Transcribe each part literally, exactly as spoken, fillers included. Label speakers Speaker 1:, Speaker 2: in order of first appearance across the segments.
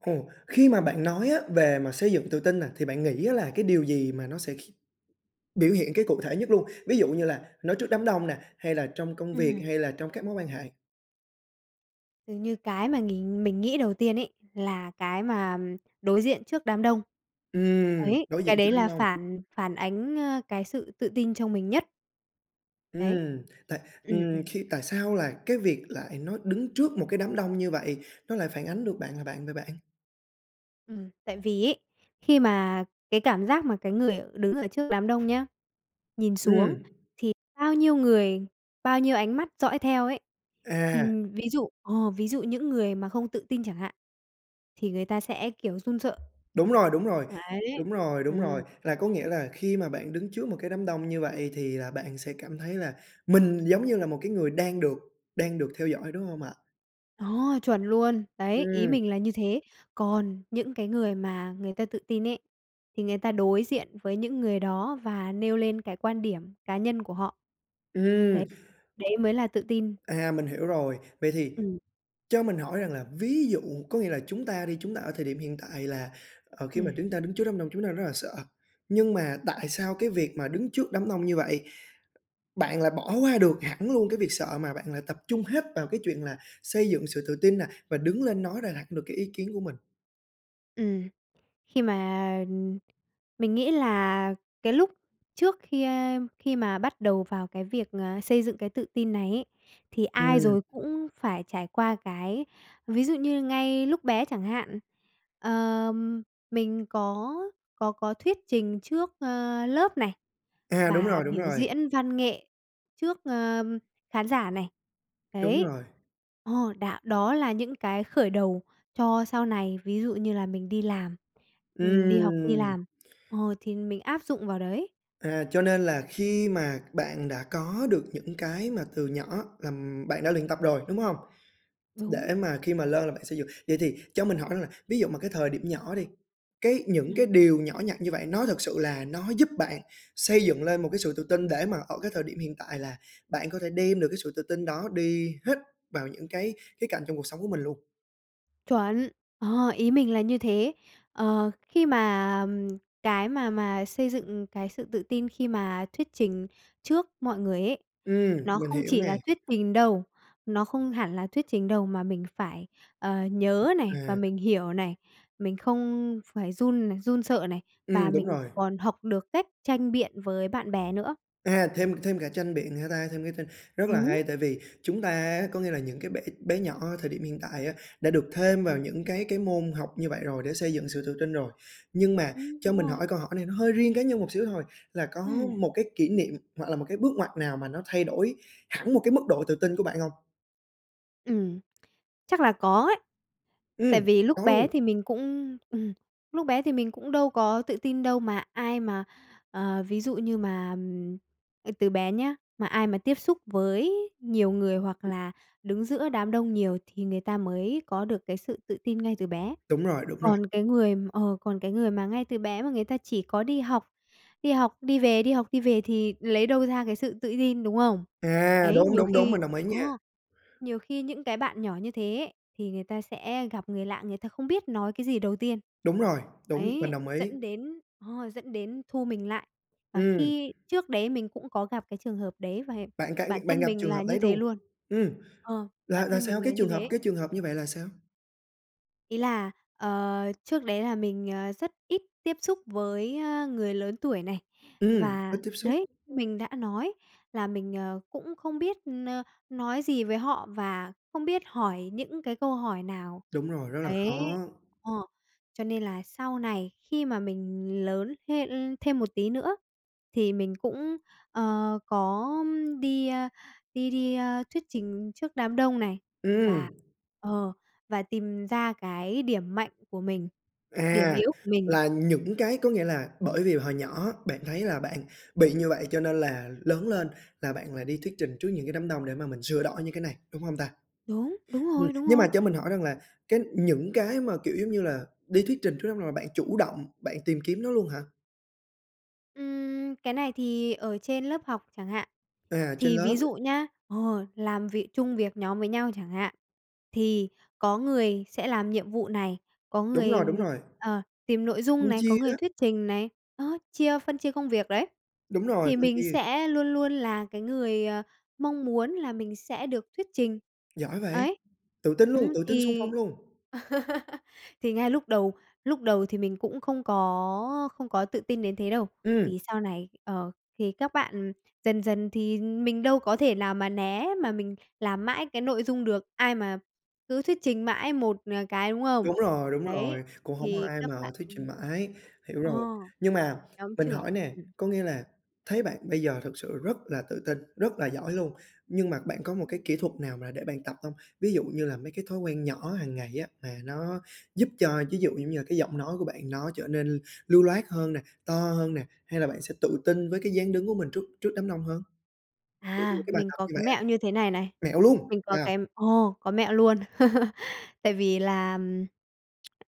Speaker 1: Ồ, khi mà bạn nói á về mà xây dựng tự tin nè, thì bạn nghĩ á là cái điều gì mà nó sẽ kh biểu hiện cái cụ thể nhất luôn? Ví dụ như là nói trước đám đông nè, hay là trong công
Speaker 2: Ừm
Speaker 1: việc
Speaker 2: hưm.
Speaker 1: hay là trong các mối quan hệ?
Speaker 2: Dường như cái mà nghìn mình nghĩ đầu tiên ấy, là cái mà đối diện trước đám đông.
Speaker 1: Ừm,
Speaker 2: Ấy,
Speaker 1: đối
Speaker 2: cái
Speaker 1: diện trước
Speaker 2: đấy
Speaker 1: đám
Speaker 2: là
Speaker 1: đông.
Speaker 2: phản phản ánh, ơ, cái sự tự tin trong mình nhất. Đấy.
Speaker 1: Ừm, tại
Speaker 2: Ừm,
Speaker 1: ừm,
Speaker 2: ừm.
Speaker 1: khi tại sao là cái việc lại nói đứng trước một cái đám đông như vậy nó lại phản ánh được bạn là bạn vậy bạn?
Speaker 2: Ừm, tại vì ấy, khi mà cái cảm giác mà cái người đứng ở trước đám đông nhá, nhìn xuống
Speaker 1: Ừm.
Speaker 2: thì bao nhiêu người, bao nhiêu ánh mắt dõi theo ấy, thì
Speaker 1: À.
Speaker 2: ví dụ ồ, ví dụ những người mà không tự tin chẳng hạn thì người ta sẽ kiểu run sợ.
Speaker 1: Đúng rồi, đúng rồi.
Speaker 2: Đấy,
Speaker 1: Đúng rồi, đúng
Speaker 2: ừm.
Speaker 1: rồi. Là có nghĩa là khi mà bạn đứng trước một cái đám đông như vậy thì là bạn sẽ cảm thấy là mình giống như là một cái người đang được đang được theo dõi, đúng hông ạ?
Speaker 2: Đó, chuẩn luôn! Đấy, ý
Speaker 1: Ừm.
Speaker 2: mình là như thế. Còn những cái người mà người ta tự tin ấy, thì người ta đối diện với những người đó và nêu lên cái quan điểm cá nhân của họ. Đấy,
Speaker 1: Ừm.
Speaker 2: đấy mới là tự tin.
Speaker 1: À, mình hiểu rồi. Vậy thì
Speaker 2: Ừm.
Speaker 1: cho mình hỏi rằng là ví dụ có nghĩa là chúng ta đi, chúng ta ở thời điểm hiện tại là, ờ, khi mà
Speaker 2: Ừm.
Speaker 1: chúng ta đứng trước đám đông chúng ta rất là sợ, nhưng mà tại sao cái việc mà đứng trước đám đông như vậy bạn lại bỏ qua được hẳn luôn cái việc sợ, mà bạn lại tập trung hết vào cái chuyện là xây dựng sự tự tin nè và đứng lên nói ra đạt được cái ý kiến của mình?
Speaker 2: Ừm, khi mà, ừm, mình nghĩ là cái lúc trước khi, ơ, khi mà bắt đầu vào cái việc, à, xây dựng cái tự tin này ấy, thì ai
Speaker 1: Ừm.
Speaker 2: rồi cũng phải trải qua cái ví dụ như ngay lúc bé chẳng hạn, ờm, mình có có có thuyết trình trước, ơ, lớp này,
Speaker 1: À, đúng
Speaker 2: và
Speaker 1: rồi, đúng
Speaker 2: biểu
Speaker 1: rồi.
Speaker 2: diễn văn nghệ trước, ờ, khán giả này,
Speaker 1: Đúng
Speaker 2: đấy
Speaker 1: rồi.
Speaker 2: ờ, đã đó là những cái khởi đầu cho sau này, ví dụ như là mình đi làm, ừm, đi học, đi
Speaker 1: Ừm.
Speaker 2: làm, ờ, thì mình áp dụng vào đấy.
Speaker 1: À, cho nên là khi mà bạn đã có được những cái mà từ nhỏ là bạn đã luyện tập rồi, đúng hông?
Speaker 2: Đúng.
Speaker 1: Để mà khi mà lên là bạn xây dựng. Vậy thì cho mình hỏi rằng là ví dụ mà cái thời điểm nhỏ đi, cái những cái
Speaker 2: Ừm.
Speaker 1: điều nhỏ nhặt như vậy nó thật sự là nó giúp bạn xây dựng lên một cái sự tự tin, để mà ở cái thời điểm hiện tại là bạn có thể đem được cái sự tự tin đó đi hết vào những cái khía cạnh trong cuộc sống của mình luôn?
Speaker 2: Chuẩn ờ, ý mình là như thế. Ờ, khi mà cái mà mà xây dựng cái sự tự tin khi mà thuyết trình trước mọi người ấy
Speaker 1: Ừm,
Speaker 2: nó
Speaker 1: mình
Speaker 2: không
Speaker 1: hiểu
Speaker 2: chỉ
Speaker 1: nè.
Speaker 2: là thuyết trình đâu, nó không hẳn là thuyết trình đâu, mà mình phải, ờ, nhớ này và
Speaker 1: À.
Speaker 2: mình hiểu này, mình không phải run này run sợ này và
Speaker 1: Ừm, đúng
Speaker 2: mình
Speaker 1: rồi.
Speaker 2: còn học được cách tranh biện với bạn bè nữa.
Speaker 1: À, thêm thêm cả tranh biện hả ta? Thêm cái tranh rất là
Speaker 2: Đúng.
Speaker 1: hay, tại vì chúng ta á có nghĩa là những cái bạn bé nhỏ ở thời điểm hiện tại á, đã được thêm vào
Speaker 2: Ừm.
Speaker 1: những cái cái môn học như vậy rồi, để xây dựng sự tự tin rồi. Nhưng mà
Speaker 2: Ừm,
Speaker 1: cho
Speaker 2: đúng
Speaker 1: mình
Speaker 2: rồi.
Speaker 1: hỏi câu hỏi này nó hơi riêng cá nhân một xíu thôi, là có
Speaker 2: Ừm.
Speaker 1: một cái kỷ niệm hoặc là một cái bước ngoặt nào mà nó thay đổi hẳn một cái mức độ tự tin của bạn hông?
Speaker 2: Ừm. Chắc là có ấy. Tại
Speaker 1: Ừm,
Speaker 2: vì lúc
Speaker 1: có
Speaker 2: bé
Speaker 1: luôn?
Speaker 2: thì mình cũng ừm, lúc bé thì mình cũng đâu có tự tin đâu, mà ai mà, ờ, ví dụ như mà, à, từ bé nhá, mà ai mà tiếp xúc với nhiều người hoặc là đứng giữa đám đông nhiều thì người ta mới có được cái sự tự tin ngay từ bé,
Speaker 1: Đúng rồi, đúng rồi.
Speaker 2: còn cái người ờ, còn cái người mà ngay từ bé mà người ta chỉ có đi học, đi học, đi về, đi học, đi về thì lấy đâu ra cái sự tự tin, đúng không?
Speaker 1: À,
Speaker 2: Đấy,
Speaker 1: đúng,
Speaker 2: nhiều
Speaker 1: đúng, đúng,
Speaker 2: khi
Speaker 1: mình đồng ý
Speaker 2: ờ,
Speaker 1: nha!
Speaker 2: nhiều khi những cái bạn nhỏ như thế ấy, thì người ta sẽ gặp người lạ, người ta không biết nói cái gì đầu tiên,
Speaker 1: Đúng rồi, đúng, mình
Speaker 2: đấy,
Speaker 1: đồng ý.
Speaker 2: dẫn đến ờ, dẫn đến thu mình lại. Và
Speaker 1: Ừm.
Speaker 2: khi trước đấy mình cũng có gặp cái trường hợp đấy và
Speaker 1: Bạn cẵng
Speaker 2: bản
Speaker 1: bạn
Speaker 2: thân
Speaker 1: gặp
Speaker 2: mình
Speaker 1: trường
Speaker 2: là
Speaker 1: hợp
Speaker 2: như
Speaker 1: đấy
Speaker 2: thế
Speaker 1: luôn?
Speaker 2: luôn
Speaker 1: Ừm,
Speaker 2: ờ,
Speaker 1: là
Speaker 2: bản
Speaker 1: là
Speaker 2: thân
Speaker 1: sao,
Speaker 2: mình là
Speaker 1: cái
Speaker 2: như
Speaker 1: trường hợp
Speaker 2: thế.
Speaker 1: cái trường hợp như vậy là sao?
Speaker 2: Ý là, ờ, trước đấy là mình, ờ, rất ít tiếp xúc với, á, người lớn tuổi này,
Speaker 1: Ừm, ít
Speaker 2: và,
Speaker 1: tiếp xúc.
Speaker 2: đấy, mình đã nói là mình, ờ, cũng không biết n nói gì với họ và không biết hỏi những cái câu hỏi nào,
Speaker 1: Đúng rồi, rất là
Speaker 2: đấy
Speaker 1: khó.
Speaker 2: ờ, cho nên là sau này khi mà mình lớn thê l thêm một tí nữa thì mình cũng, ờ, có đi, a, đi đi, a, thuyết trình trước đám đông này,
Speaker 1: Ừm.
Speaker 2: và ờ, và tìm ra cái điểm mạnh của mình, điểm
Speaker 1: À,
Speaker 2: yếu của mình.
Speaker 1: là những cái có nghĩa là bởi vì hồi nhỏ bạn thấy là bạn bị như vậy cho nên là lớn lên là bạn lại đi thuyết trình trước những cái đám đông để mà mình sửa đổi những cái này, đúng hông ta?
Speaker 2: Đúng, đúng
Speaker 1: Ừm,
Speaker 2: rồi, đúng
Speaker 1: nhưng
Speaker 2: rồi.
Speaker 1: mà cho mình hỏi rằng là cái những cái mà, kiểu, giống như là, đi thuyết trình trước đám đông là bạn chủ động bạn tìm kiếm nó luôn hả?
Speaker 2: Ừm, cái này thì ở trên lớp học chẳng hạn.
Speaker 1: À, trên
Speaker 2: Thì
Speaker 1: lớp.
Speaker 2: ví dụ nhá ờ, làm vị chung việc nhóm với nhau chẳng hạn, thì có người sẽ làm nhiệm vụ này, có
Speaker 1: Đúng
Speaker 2: người
Speaker 1: rồi, đúng rồi.
Speaker 2: ờ, tìm nội dung
Speaker 1: Phân
Speaker 2: này, có
Speaker 1: chia
Speaker 2: người
Speaker 1: đó.
Speaker 2: thuyết trình này, đó, chia phân chia công việc, đấy,
Speaker 1: Đúng rồi,
Speaker 2: thì
Speaker 1: phân
Speaker 2: mình
Speaker 1: chia.
Speaker 2: sẽ luôn luôn là cái người, ờ, mong muốn là mình sẽ được thuyết trình,
Speaker 1: Giỏi vậy!
Speaker 2: ấy.
Speaker 1: Tự tin luôn,
Speaker 2: Ừm,
Speaker 1: tự tin xung phong
Speaker 2: thì
Speaker 1: luôn!
Speaker 2: thì ngay lúc đầu lúc đầu thì mình cũng không có không có tự tin đến thế đâu,
Speaker 1: Ừm.
Speaker 2: thì sau này, ờ, thì các bạn dần dần thì mình đâu có thể nào mà né, mà mình làm mãi cái nội dung được, ai mà cứ thuyết trình mãi một, ờ, cái, đúng không?
Speaker 1: Đúng rồi, đúng
Speaker 2: Đấy,
Speaker 1: rồi, cũng hổng có
Speaker 2: thì
Speaker 1: ai
Speaker 2: các
Speaker 1: mà
Speaker 2: bạn,
Speaker 1: thuyết trình
Speaker 2: ừm
Speaker 1: mãi, hiểu
Speaker 2: ờ,
Speaker 1: rồi. Nhưng mà
Speaker 2: nhóm
Speaker 1: mình hỏi
Speaker 2: trưởng,
Speaker 1: nè,
Speaker 2: ừm.
Speaker 1: có nghĩa là thấy bạn bây giờ thực sự rất là tự tin, rất là giỏi luôn, nhưng mà bạn có một cái
Speaker 2: Ừm.
Speaker 1: kỹ thuật nào mà để bạn tập hông? Ví dụ như là mấy cái thói quen nhỏ hàng ngày á mà nó giúp cho, ví dụ giống như là, cái giọng nói của bạn nó trở nên lưu loát hơn nè, to hơn nè, hay là bạn sẽ tự tin với cái dáng đứng của mình trước trước đám đông hơn?
Speaker 2: À,
Speaker 1: [unintelligible] Cái bài
Speaker 2: mình
Speaker 1: tập
Speaker 2: có
Speaker 1: như
Speaker 2: cái
Speaker 1: vậy á.
Speaker 2: mẹo như thế này này,
Speaker 1: Mẹo luôn,
Speaker 2: mình có
Speaker 1: cha!
Speaker 2: cái ờ, có mẹo luôn, tại vì là,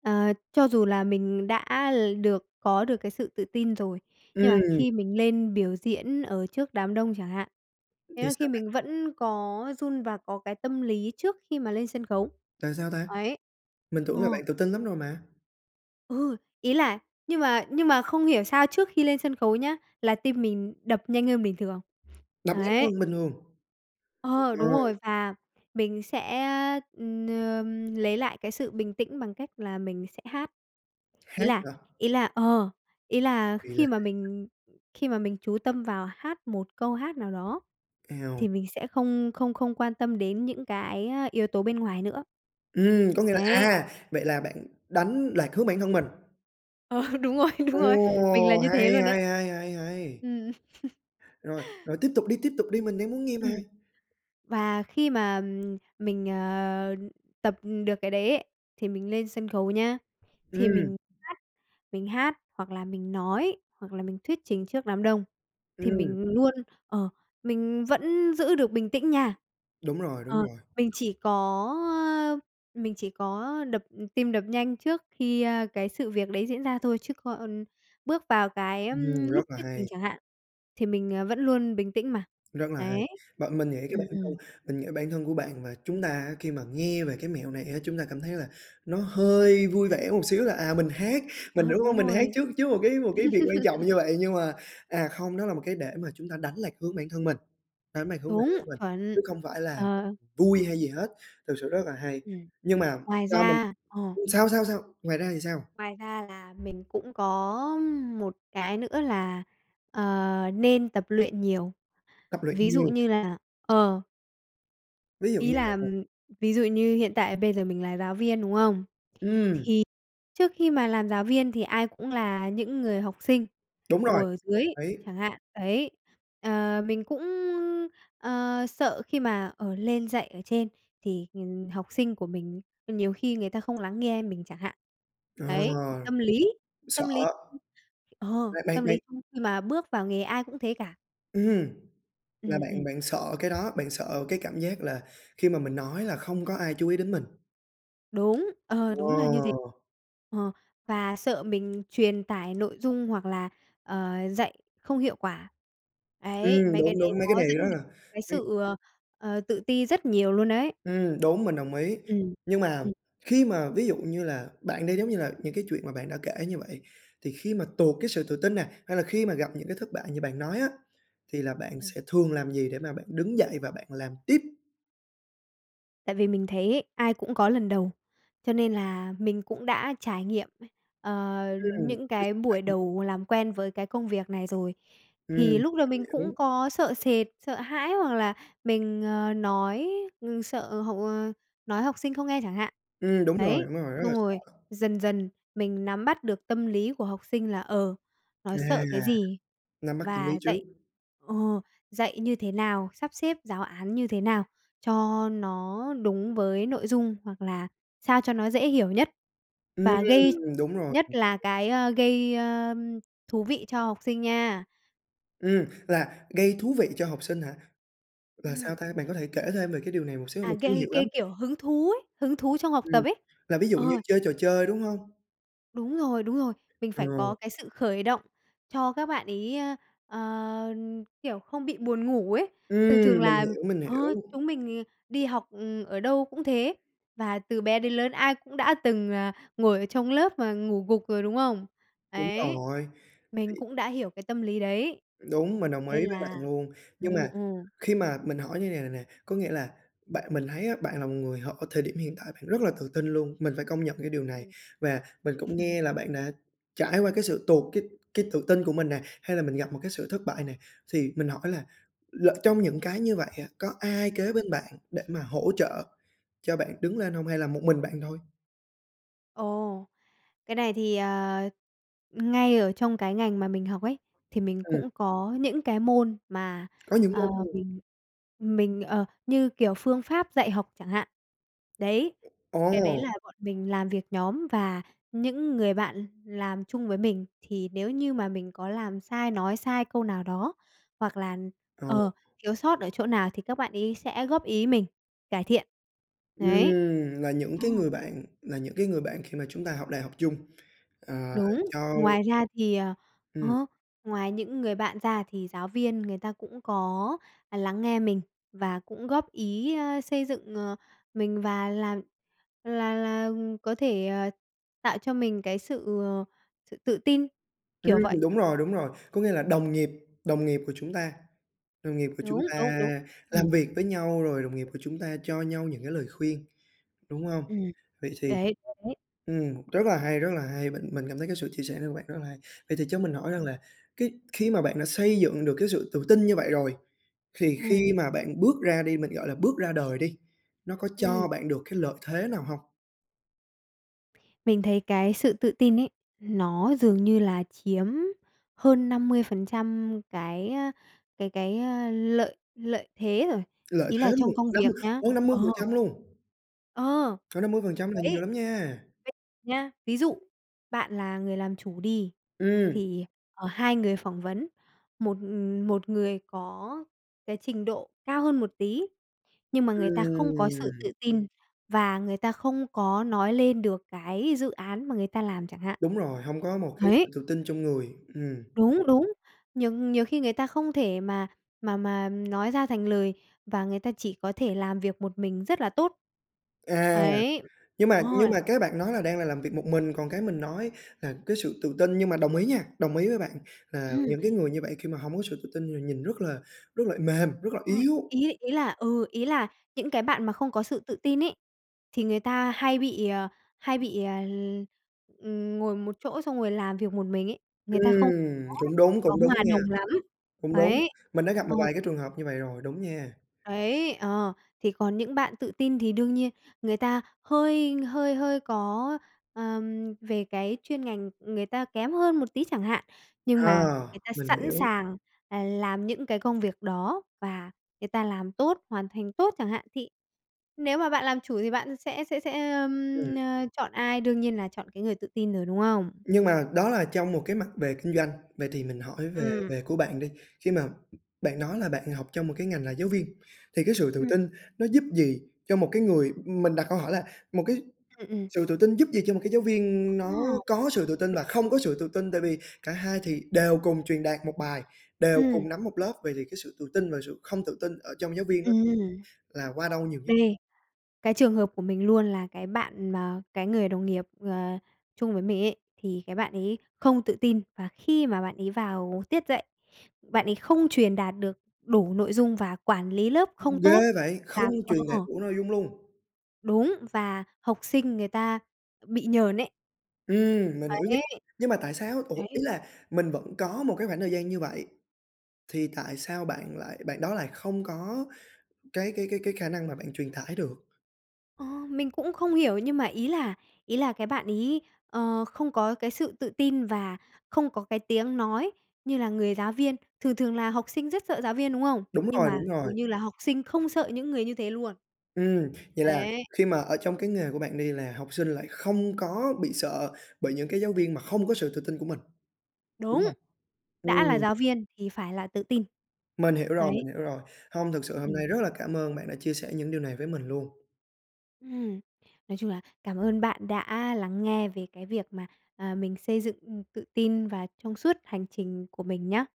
Speaker 2: ờ, cho dù là mình đã l được có được cái sự tự tin rồi, nhưng mà
Speaker 1: Ừm.
Speaker 2: khi mình lên biểu diễn ở trước đám đông chẳng hạn,
Speaker 1: Thì
Speaker 2: thế là khi
Speaker 1: sao bạn?
Speaker 2: mình vẫn có run và có cái tâm lý trước khi mà lên sân khấu,
Speaker 1: Là sao ta?
Speaker 2: ấy.
Speaker 1: Mình tưởng là
Speaker 2: Ờ.
Speaker 1: bạn tự tin lắm rồi mà?
Speaker 2: Ừ, ý là nhưng mà nhưng mà không hiểu sao trước khi lên sân khấu nhá, là tim mình đập nhanh hơn bình thường.
Speaker 1: Đập nhanh
Speaker 2: Ấy.
Speaker 1: hơn bình thường. Tuyệt
Speaker 2: Ờ, đúng
Speaker 1: vời!
Speaker 2: rồi và mình sẽ, ừm, ờ, lấy lại cái sự bình tĩnh bằng cách là mình sẽ hát. Ý
Speaker 1: Hát
Speaker 2: là
Speaker 1: hả?
Speaker 2: ý là ờ, ý là
Speaker 1: Vì là
Speaker 2: khi mà
Speaker 1: [unintelligible]
Speaker 2: mình khi mà mình chú tâm vào hát một câu hát nào đó thì
Speaker 1: Eo.
Speaker 2: mình sẽ không không không quan tâm đến những cái yếu tố bên ngoài nữa.
Speaker 1: Ừm, có nghĩa là
Speaker 2: Đấy.
Speaker 1: à, vậy là bạn đánh lạc hướng bản thân mình.
Speaker 2: Ờ, đúng rồi, đúng
Speaker 1: Ồ,
Speaker 2: rồi, mình là như
Speaker 1: hay,
Speaker 2: thế luôn đấy.
Speaker 1: hay, hay, hay, hay!
Speaker 2: Ừm.
Speaker 1: Rồi, rồi tiếp tục đi! Tiếp tục đi! Mình đang muốn nghe mà!
Speaker 2: Ừm. Và khi mà, ừm, mình, ờ, tập được cái đấy ấy, thì mình lên sân khấu nhá, thì
Speaker 1: Ừm.
Speaker 2: mình hát, mình hát, hoặc là mình nói, hoặc là mình thuyết trình trước đám đông thì
Speaker 1: Ừm.
Speaker 2: mình luôn, ờ, mình vẫn giữ được bình tĩnh nha.
Speaker 1: Đúng rồi, đúng
Speaker 2: Ờ,
Speaker 1: rồi.
Speaker 2: mình chỉ có, ơ, mình chỉ có đập tim đập nhanh trước khi, ơ, cái sự việc đấy diễn ra thôi chứ còn bước vào cái, ưm,
Speaker 1: Ừm, rất
Speaker 2: lúc
Speaker 1: là
Speaker 2: thuyết trình
Speaker 1: hay!
Speaker 2: chẳng hạn, thì mình, à, vẫn luôn bình tĩnh mà.
Speaker 1: Rất là
Speaker 2: Đấy,
Speaker 1: hay! Bạn mình nghĩ cái
Speaker 2: ừm,
Speaker 1: bản thân
Speaker 2: ừm.
Speaker 1: mình nghĩ bản thân của bạn và chúng ta á, khi mà nghe về cái mẹo này á chúng ta cảm thấy là nó hơi vui vẻ một xíu là, à, mình hát, mình
Speaker 2: Đó,
Speaker 1: đúng hông?
Speaker 2: đúng
Speaker 1: Mình hát
Speaker 2: rồi.
Speaker 1: trước trước một cái một cái việc quan trọng như vậy. Nhưng mà, à, không, nó là một cái để mà chúng ta đánh lạc hướng bản thân mình đánh lạc hướng bản
Speaker 2: Đúng,
Speaker 1: thân mình,
Speaker 2: chuẩn.
Speaker 1: chứ không phải là
Speaker 2: Ờ.
Speaker 1: vui hay gì hết, thực sự rất là hay!
Speaker 2: Ừm,
Speaker 1: Nhưng mà
Speaker 2: ngoài
Speaker 1: sao mình
Speaker 2: ra ờ.
Speaker 1: sao? Sao? Sao? Ngoài ra thì sao?
Speaker 2: Ngoài ra là mình cũng có một cái nữa là, ờ, nên tập luyện nhiều,
Speaker 1: Tập luyện
Speaker 2: ví dụ
Speaker 1: nhiều.
Speaker 2: như là ờ.
Speaker 1: Ví dụ
Speaker 2: Ý
Speaker 1: như
Speaker 2: là,
Speaker 1: là
Speaker 2: ví dụ như hiện tại bây giờ mình là giáo viên, đúng không? Thì
Speaker 1: Ừm.
Speaker 2: trước khi mà làm giáo viên thì ai cũng là những người học sinh
Speaker 1: Đúng rồi,
Speaker 2: ngồi ở dưới
Speaker 1: ấy
Speaker 2: chẳng hạn, đấy, ờ, mình cũng, ờ, sợ khi mà, ờ, lên dạy ở trên thì, ừm, học sinh của mình nhiều khi người ta không lắng nghe mình chẳng hạn.
Speaker 1: Ờ,
Speaker 2: Đấy, tâm lý,
Speaker 1: sợ.
Speaker 2: tâm lý [unintelligible] ờ,
Speaker 1: Ờ, bạn
Speaker 2: tâm lý
Speaker 1: bạn
Speaker 2: khi khi mà bước vào nghề ai cũng thế cả.
Speaker 1: Ừm, là
Speaker 2: Ừm,
Speaker 1: bạn
Speaker 2: ừm.
Speaker 1: bạn sợ cái đó, bạn sợ cái cảm giác là khi mà mình nói là không có ai chú ý đến mình.
Speaker 2: Đúng, ờ, đúng là như thế.
Speaker 1: Wow!
Speaker 2: Ờ, và sợ mình truyền tải nội dung hoặc là, ờ, dạy không hiệu quả. Ấy,
Speaker 1: Ừm,
Speaker 2: mấy cái
Speaker 1: đúng,
Speaker 2: đấy
Speaker 1: đúng, mấy cái
Speaker 2: nó
Speaker 1: này
Speaker 2: dẫn
Speaker 1: rất
Speaker 2: đến
Speaker 1: là
Speaker 2: cái
Speaker 1: ừm.
Speaker 2: sự, ờ, ờ, tự ti rất nhiều luôn đấy.
Speaker 1: Ừm, đúng, mình đồng ý.
Speaker 2: Ừm,
Speaker 1: Nhưng mà
Speaker 2: ừm.
Speaker 1: khi mà ví dụ như là, bạn đi, giống như là, những cái chuyện mà bạn đã kể như vậy thì khi mà tụt cái sự tự tin nè, hay là khi mà gặp những cái thất bại như bạn nói á, thì là bạn
Speaker 2: Ừm.
Speaker 1: sẽ thường làm gì để mà bạn đứng dậy và bạn làm tiếp?
Speaker 2: Tại vì mình thấy ấy ai cũng có lần đầu, cho nên là mình cũng đã trải nghiệm, ờ,
Speaker 1: Ừm,
Speaker 2: những
Speaker 1: cái
Speaker 2: cái
Speaker 1: sự trải
Speaker 2: buổi
Speaker 1: nghiệm.
Speaker 2: đầu làm quen với cái công việc này rồi. Thì
Speaker 1: Ừm,
Speaker 2: lúc đầu
Speaker 1: mình
Speaker 2: mình cũng
Speaker 1: hiểu.
Speaker 2: có sợ sệt, sợ hãi hoặc là mình, ờ, nói, ừ, sợ học, ờ nói học sinh không nghe chẳng hạn.
Speaker 1: Ừm, đúng rồi,
Speaker 2: Ấy,
Speaker 1: đúng rồi, rất là
Speaker 2: xong rồi
Speaker 1: sợ.
Speaker 2: dần dần mình nắm bắt được tâm lý của học sinh là, ờ, nó
Speaker 1: À.
Speaker 2: sợ cái gì
Speaker 1: Nắm bắt tâm lý
Speaker 2: và
Speaker 1: trước.
Speaker 2: dạy ờ, dạy như thế nào, sắp xếp giáo án như thế nào cho nó đúng với nội dung, hoặc là sao cho nó dễ hiểu nhất.
Speaker 1: Ừm,
Speaker 2: Và gây
Speaker 1: đúng rồi.
Speaker 2: nhất là cái, ơ, gây, ơ, thú vị cho học sinh nha.
Speaker 1: Ừm, là gây thú vị cho học sinh hả? Là sao
Speaker 2: Ừm.
Speaker 1: ta? Bạn có thể kể thêm về cái điều này một xíu,
Speaker 2: À,
Speaker 1: mình chưa
Speaker 2: gây
Speaker 1: hiểu
Speaker 2: gây,
Speaker 1: lắm.
Speaker 2: kiểu, hứng thú ấy, hứng thú trong học
Speaker 1: Ừm,
Speaker 2: tập ấy.
Speaker 1: là ví dụ như
Speaker 2: Ờ.
Speaker 1: chơi trò chơi, đúng hông?
Speaker 2: Đúng rồi, đúng rồi. Mình
Speaker 1: Ờ.
Speaker 2: phải có cái sự khởi động cho các bạn ấy, ơ, ờ, kiểu, không bị buồn ngủ ấy. Thường thường
Speaker 1: Ừm, mình
Speaker 2: là
Speaker 1: hiểu, mình
Speaker 2: ờ,
Speaker 1: hiểu.
Speaker 2: chúng mình, ừ, đi học, ừ, ở đâu cũng thế, và từ bé đến lớn ai cũng đã từng, à, ngồi ở trong lớp mà ngủ gục rồi, đúng không?
Speaker 1: Đúng
Speaker 2: Đấy,
Speaker 1: rồi,
Speaker 2: mình
Speaker 1: thì
Speaker 2: cũng đã hiểu cái tâm lý đấy.
Speaker 1: Đúng, mình đồng
Speaker 2: Nên
Speaker 1: ý với bạn
Speaker 2: là
Speaker 1: luôn.
Speaker 2: ừ,
Speaker 1: Nhưng mà
Speaker 2: ừ.
Speaker 1: khi mà mình hỏi như này này nè, có nghĩa là bạn mình thấy á bạn là một người hở thời điểm hiện tại bạn rất là tự tin luôn, mình phải công nhận cái điều này. Và
Speaker 2: [unintelligible]
Speaker 1: mình cũng nghe là bạn đã trải qua cái sự tụt cái cái tự tin của mình nè, hay là mình gặp một cái sự thất bại nè, thì mình hỏi là lỡ trong những cái như vậy á, có ai kế bên bạn để mà hỗ trợ cho bạn đứng lên hông hay là một mình bạn thôi?
Speaker 2: Ồ! Cái này thì, ờ, ngay ở trong cái ngành mà mình học ấy thì mình
Speaker 1: Ừm.
Speaker 2: cũng có những cái môn mà,
Speaker 1: Có những môn
Speaker 2: ờ,
Speaker 1: [unintelligible]
Speaker 2: mình mình, ờ như kiểu phương pháp dạy học chẳng hạn, đấy. Cái đấy
Speaker 1: Ồ!
Speaker 2: là bọn mình làm việc nhóm và những người bạn làm chung với mình thì nếu như mà mình có làm sai, nói sai câu nào đó, hoặc là,
Speaker 1: Ừ.
Speaker 2: ờ, thiếu sót ở chỗ nào thì các bạn ấy sẽ góp ý mình cải thiện. Đấy.
Speaker 1: Ừm, là những
Speaker 2: Ờ.
Speaker 1: cái người bạn là những cái người bạn khi mà chúng ta học đại học chung. À,
Speaker 2: Đúng,
Speaker 1: cho
Speaker 2: ngoài ra thì, ờ
Speaker 1: Ừm.
Speaker 2: ờ, ngoài những người bạn ra thì giáo viên người ta cũng có, à, lắng nghe mình và cũng góp ý, ơ, xây dựng, ờ, mình và làm là là có thể, ờ, tạo cho mình cái sự, ờ, sự tự tin, kiểu vậy.
Speaker 1: Ừm, đúng rồi, đúng rồi, có nghĩa là đồng nghiệp đồng nghiệp của chúng ta đồng nghiệp của
Speaker 2: Đúng,
Speaker 1: chúng ta
Speaker 2: đúng, đúng. Ừm.
Speaker 1: làm việc với nhau, rồi đồng nghiệp của chúng ta cho nhau những cái lời khuyên, đúng hông?
Speaker 2: Ừm.
Speaker 1: Vậy thì,
Speaker 2: Ấy, đấy, đấy.
Speaker 1: ừm, rất là hay, rất là hay! Mình mình cảm thấy cái sự chia sẻ này của bạn rất là hay! Vậy thì cho mình hỏi rằng
Speaker 2: Ừm.
Speaker 1: là cái khi mà bạn đã xây dựng được cái sự tự tin như vậy rồi, thì
Speaker 2: Ừm.
Speaker 1: khi mà bạn bước ra đi, mình gọi là bước ra đời đi, nó có
Speaker 2: Ừm.
Speaker 1: cho bạn được cái lợi thế nào hông?
Speaker 2: Mình thấy cái sự tự tin ấy, nó dường như là chiếm hơn năm mươi phần trăm cái, ơ, cái cái lợi lợi thế rồi,
Speaker 1: Lợi
Speaker 2: ý
Speaker 1: thế
Speaker 2: là
Speaker 1: luôn,
Speaker 2: trong công
Speaker 1: năm mươi
Speaker 2: việc nhá,
Speaker 1: ph hơn năm mươi phần
Speaker 2: ờ.
Speaker 1: trăm luôn?
Speaker 2: Ờ.
Speaker 1: Cỡ năm mươi phần trăm là nhiều
Speaker 2: Đấy.
Speaker 1: lắm nha.
Speaker 2: Ví nhá, ví dụ bạn là người làm chủ đi
Speaker 1: Ừm.
Speaker 2: thì, ờ, hai người phỏng vấn, một, ừm, một người có cái trình độ cao hơn một tí, nhưng mà người ta không có sự
Speaker 1: Ừm.
Speaker 2: tự tin và người ta không có nói lên được cái dự án mà người ta làm chẳng hạn.
Speaker 1: Đúng rồi, hông có một cái
Speaker 2: Ấy.
Speaker 1: sự tự tin trong người, ừm.
Speaker 2: Đúng, đúng, nhiều nhiều khi người ta không thể mà mà mà nói ra thành lời và người ta chỉ có thể làm việc một mình rất là tốt.
Speaker 1: À,
Speaker 2: Ấy.
Speaker 1: nhưng mà
Speaker 2: Ờ.
Speaker 1: nhưng mà cái bạn nói là đang là làm việc một mình, còn cái mình nói là cái sự tự tin. Nhưng mà đồng ý nha, đồng ý với bạn là
Speaker 2: Ừm.
Speaker 1: những cái người như vậy khi mà hông có sự tự tin thì nhìn rất là rất là mềm, rất là
Speaker 2: Ờ,
Speaker 1: yếu.
Speaker 2: ý ý là ừ, ý là những cái bạn mà không có sự tự tin ấy, thì người ta hay bị, ờ, hay bị, à, ừm ngồi một chỗ xong rồi làm việc một mình ấy, người ta không
Speaker 1: Ừm,
Speaker 2: có
Speaker 1: cũng đúng,
Speaker 2: có
Speaker 1: cũng đúng
Speaker 2: hòa
Speaker 1: nha.
Speaker 2: đồng lắm.
Speaker 1: Cũng đúng,
Speaker 2: Ấy.
Speaker 1: mình đã gặp một
Speaker 2: Ờ.
Speaker 1: vài cái trường hợp như vậy rồi, đúng nha.
Speaker 2: Ấy, ờ, thì còn những bạn tự tin thì đương nhiên người ta hơi hơi hơi có, ờm, về cái chuyên ngành người ta kém hơn một tí chẳng hạn, nhưng
Speaker 1: À,
Speaker 2: mà người ta
Speaker 1: mình
Speaker 2: sẵn
Speaker 1: hiểu.
Speaker 2: sàng, à, làm những cái công việc đó và người ta làm tốt, hoàn thành tốt chẳng hạn, thì nếu mà bạn làm chủ thì bạn sẽ sẽ sẽ, ờm,
Speaker 1: Ừm.
Speaker 2: ờ, chọn ai, đương nhiên là chọn cái người tự tin rồi, đúng không?
Speaker 1: Nhưng mà đó là trong một cái mặt về kinh doanh, vậy thì mình hỏi về
Speaker 2: Ừm.
Speaker 1: về của bạn đi. Khi mà bạn nói là bạn học trong một cái ngành là giáo viên thì cái sự tự
Speaker 2: Ừm.
Speaker 1: tin nó giúp gì cho một cái người ừm, mình đặt câu hỏi là một cái
Speaker 2: Ừm, ừm.
Speaker 1: sự tự tin giúp gì cho một cái giáo viên
Speaker 2: Ờ.
Speaker 1: nó có sự tự tin và không có sự tự tin tại vì cả hai thì đều cùng truyền đạt một bài, đều
Speaker 2: Ừm.
Speaker 1: cùng nắm một lớp, vậy thì cái sự tự tin và sự không tự tin ở trong giáo viên nó, ừm,
Speaker 2: Ừm.
Speaker 1: là qua đâu nhiều nhất?
Speaker 2: Đây, cái trường hợp của mình luôn là cái bạn mà cái người đồng nghiệp, ờ, chung với mình ấy, thì cái bạn ấy không tự tin và khi mà bạn ấy vào tiết dạy, bạn ấy không truyền đạt được đủ nội dung và quản lý lớp không
Speaker 1: Ừm,
Speaker 2: tốt.
Speaker 1: ghê vậy, không
Speaker 2: Làm
Speaker 1: truyền đạt
Speaker 2: Ờ.
Speaker 1: đủ dung luôn?
Speaker 2: Đúng và học sinh người ta bị nhờn ấy.
Speaker 1: Ừm, mình hiểu nha,
Speaker 2: Ấy.
Speaker 1: nhưng mà tại sao? Ủa, ý
Speaker 2: Đấy.
Speaker 1: là mình vẫn có một cái khoảng thời gian như vậy thì tại sao bạn lại bạn đó lại không có cái cái cái cái khả năng mà bạn truyền tải được?
Speaker 2: Ờ, mình cũng không hiểu nhưng mà ý là ý là cái bạn ấy, ờ, không có cái sự tự tin và không có cái tiếng nói như là người giáo viên, thường thường là học sinh rất sợ giáo viên, đúng không?
Speaker 1: Đúng
Speaker 2: Nhưng
Speaker 1: rồi,
Speaker 2: mà
Speaker 1: đúng rồi.
Speaker 2: dường như là học sinh không sợ những người như thế luôn.
Speaker 1: Ừm, vậy là
Speaker 2: Ấy.
Speaker 1: khi mà ở trong cái nghề của bạn đi, là học sinh lại không có bị sợ bởi những cái giáo viên mà không có sự tự tin của mình, đúng
Speaker 2: Đúng,
Speaker 1: hông?
Speaker 2: đã là
Speaker 1: Ừm.
Speaker 2: giáo viên thì phải là tự tin.
Speaker 1: Mình hiểu rồi,
Speaker 2: Ấy.
Speaker 1: mình hiểu rồi. Hông, thực sự hôm nay
Speaker 2: Ừm.
Speaker 1: rất là cảm ơn bạn đã chia sẻ những điều này với mình luôn.
Speaker 2: Ừm, nói chung là cảm ơn bạn đã lắng nghe về cái việc mà, à, mình xây dựng, ừm, tự tin và trong suốt hành trình của mình nhá.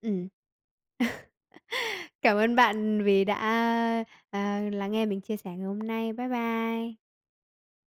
Speaker 2: Ừm. Cảm ơn bạn vì đã, ơ, ờ, lắng nghe mình chia sẻ ngày hôm nay! Bye bye.